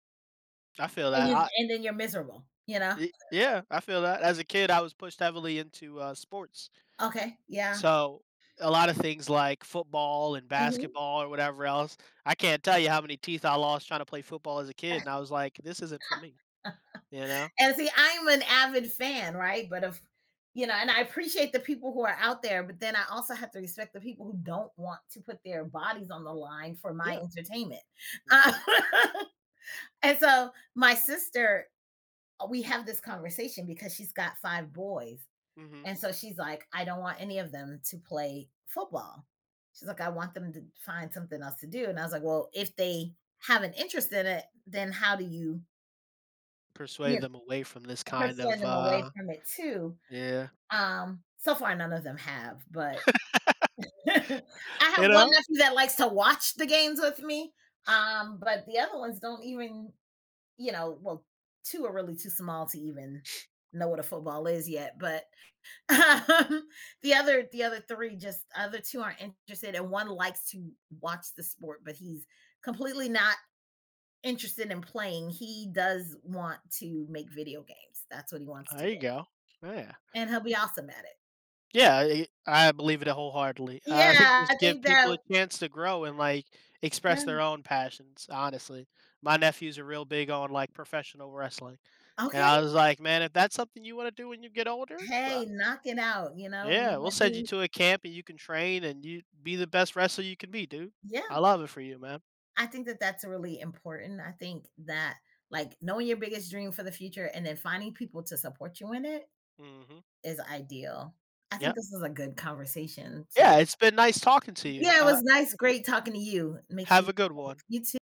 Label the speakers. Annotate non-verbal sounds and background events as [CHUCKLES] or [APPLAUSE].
Speaker 1: I feel
Speaker 2: And
Speaker 1: that.
Speaker 2: you'd and
Speaker 1: I
Speaker 2: then and then you're miserable, you know?
Speaker 1: Ye yeah. I feel that. As a kid, I was pushed heavily into, uh, sports
Speaker 2: Okay, yeah.
Speaker 1: so, a lot of things like football and
Speaker 2: Mhm.
Speaker 1: basketball or whatever else I can't tell you how many teeth I lost trying to play football as a kid,
Speaker 2: [LAUGHS]
Speaker 1: and I was like, "This isn't for me." You know?
Speaker 2: And see, I'm an avid fan, right? But of you know? And I appreciate the people who are out there, but then I also have to respect the people who don't want to put their bodies on the line for my
Speaker 1: Yeah.
Speaker 2: entertainment. Uh
Speaker 1: Mhm.
Speaker 2: [LAUGHS] and so, my sister, uh we have this conversation because she's got 5 boys,
Speaker 1: Mhm.
Speaker 2: and so she's like, "I don't want any of them to play football." She's like, "I want them to find something else to do." And I was like, "Well, if they have an interest in it, then how do you" you
Speaker 1: Persuade them
Speaker 2: know,
Speaker 1: away from this kind
Speaker 2: "persuade
Speaker 1: of,
Speaker 2: them away
Speaker 1: uh
Speaker 2: from it too?"
Speaker 1: yeah.
Speaker 2: Um, so far, none of them have, but [CHUCKLES] I
Speaker 1: [LAUGHS] You
Speaker 2: have 1
Speaker 1: know?
Speaker 2: nephew that likes to watch the games with me, um, but the other ones don't even you know? Well, 2 are really too small to even know what a football is yet, but, um, the other the other 3 just other 2 aren't interested, and 1 likes to watch the sport, but he's completely not interested in playing. He does want to make video games. That's what he wants to
Speaker 1: I
Speaker 2: do,
Speaker 1: you go. Yeah.
Speaker 2: and he'll be awesome at it.
Speaker 1: Yeah. I e I believe it a wholeheartedly. Uh, I think
Speaker 2: Yeah, I
Speaker 1: just give
Speaker 2: think that
Speaker 1: people a
Speaker 2: w
Speaker 1: chance to grow and, like, express their
Speaker 2: Yeah.
Speaker 1: own passions, honestly. My nephew's a real big on, like, professional wrestling. And I
Speaker 2: Okay.
Speaker 1: was like, "Man, if that's something you wanna do when you get older? Well I"
Speaker 2: Hey, knocking out, you know,
Speaker 1: Yeah. "We'll
Speaker 2: without
Speaker 1: send you
Speaker 2: being
Speaker 1: to a camp, and you can train, and you be the best wrestler you could be, dude. I
Speaker 2: Yeah.
Speaker 1: love it for you, man."
Speaker 2: I think that that's really important. I think that, like, knowing your biggest dream for the future and then finding people to support you in it
Speaker 1: Mhm.
Speaker 2: is ideal. I think
Speaker 1: Yep.
Speaker 2: this is a good conversation to loo
Speaker 1: Yeah, it's been nice talking to you.
Speaker 2: Yeah, it
Speaker 1: Uh,
Speaker 2: was nice
Speaker 1: eh
Speaker 2: great talking to you. Make sure
Speaker 1: Have
Speaker 2: you
Speaker 1: a good one.
Speaker 2: safe. You too.